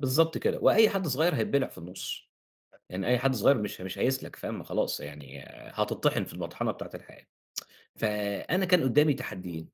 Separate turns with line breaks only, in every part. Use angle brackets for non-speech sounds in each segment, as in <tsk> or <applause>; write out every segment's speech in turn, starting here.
بالضبط كده. وأي حد صغير هيتبلع في النُص. يعني أي حد صغير مش مش هيسلك فاهم؟ ما خلاص. يعني هتطّحن في المَطحنة بتاعة الحياة. <tsk> فأنا كان قُدّامي تحديين،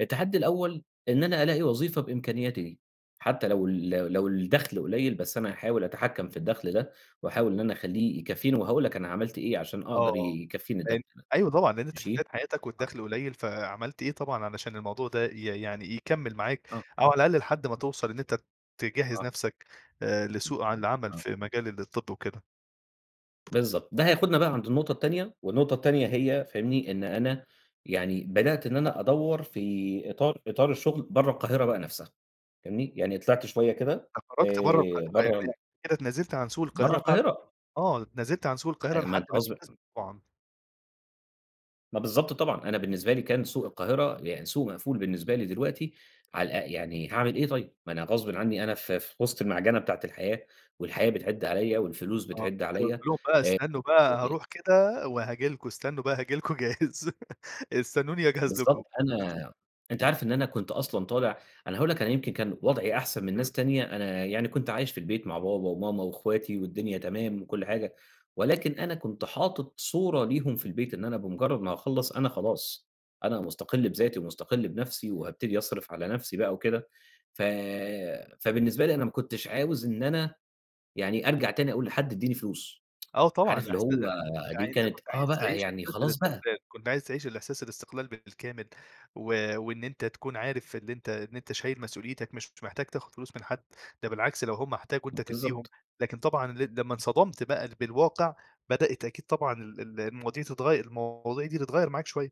التحدي الأول إن أنا ألاقي وظيفة بإمكانياتي دي، حتّى لو ال لو ال لو الدَخل قليّل بس أنا هحاول أتحكّم في الدَخل ده وأحاول إن أنا أخلّيه يكفّيني وهاقول لك أنا عملت إيه عشان
آه،
أقدر
آه.
ي يكفّيني الدَخل.
فهمت. أيوه طبعًا. لإن أنت في
ماشي؟
بداية حياتك
آه.
والدَخل قليّل، فعملت إيه طبعًا علشان الموضوع ده ي يعني يكمّل معاك
آه.
أو على الأقل لحد ما توصل إن أنت ت تجهّز
آه.
نفْسك آآ
إمم.
لسوق عن العمل
آه.
في مجال الطِب وكده؟
بالضبط. ده هياخُدنا بقى عند النقطة التانية والنقطة التانية هي فاهمني؟ إن أنا يعني بدأت إن أنا أدوّر في إطار إطار الشغل برّه القاهرة بقى نفسها فاهمني؟ يعني طلعت شوية كده
فخرجت برّه
آآ
القاهرة،
برّه ال
يعني كده اتنازلت عن سوق
برّه
القاهرة بعد
القاهرة.
آه. اتنازلت عن سوق القاهرة لحد <unintelligible>
<unintelligible>
طبعًا.
ما بالضبط طبعًا. أنا بالنسبة لي كان سوق القاهرة يعني سوق مقفول بالنسبة لي دلوقتي على أ يعني هاعمل إيه طيب؟ ما أنا غصبٍ عنّي أنا في في وِسط المعجة بتاعة الحياة والحياة بتعِد عليّا والفلوس
آه.
بتعِد عليّا
<unintelligible> بقى
آآ
استنّوا بقى
<unintelligible>
هاروح كده وهاجي لكم، استنّوا بقى هاجي لكم جاهز. <laughs> استنّوني أجهز لكم.
بالضبط. أنا أنت عارف إن أنا كنت أصلًا طالع أنا هاقول لك أنا يمكن كان وضعي أحسن من ناس تانية، أنا يعني كنت عايش في البيت مع بابا وماما وإخواتي والدنيا تمام وكل حاجة، ولكن أنا كنت حاطط صورة ليهم في البيت إن أنا بمُجرّد ما هاخلّص، أنا خلاص. أنا مُستقِل بذاتي ومُستقِل بنفسي وهابتدي أصرف على نفسي بقى وكده. ف فبالنسبة لي أنا ما كنتش عاوز إن أنا يعني أرجع تاني أقول لحد ادّيني فلوس.
آه
<tsk>
طبعًا.
عارف اللي
إحسع
هو دي
يعني أنت
كانت
كنت
آه
عايز
بقى،
تعيش
يعني
إحساس
خلاص بقى.
الاستقلال، كنت عايز تعيش الإحساس الاستقلال بال بالكامل. و وإن أنت تكون عارف إن أنت إن أنت شايل مسؤوليتك مش محتاج تاخُد فلوس من حد، ده بالعكس لو هم احتاجوا أنت تدّيهم،
بالضبط.
لكن طبعًا ل لمّا انصدمت بقى بالواقع بدأت أكيد طبعًا ال ال المواضيع تتغيّر، المواضيع دي تتغيّر معاك شوية.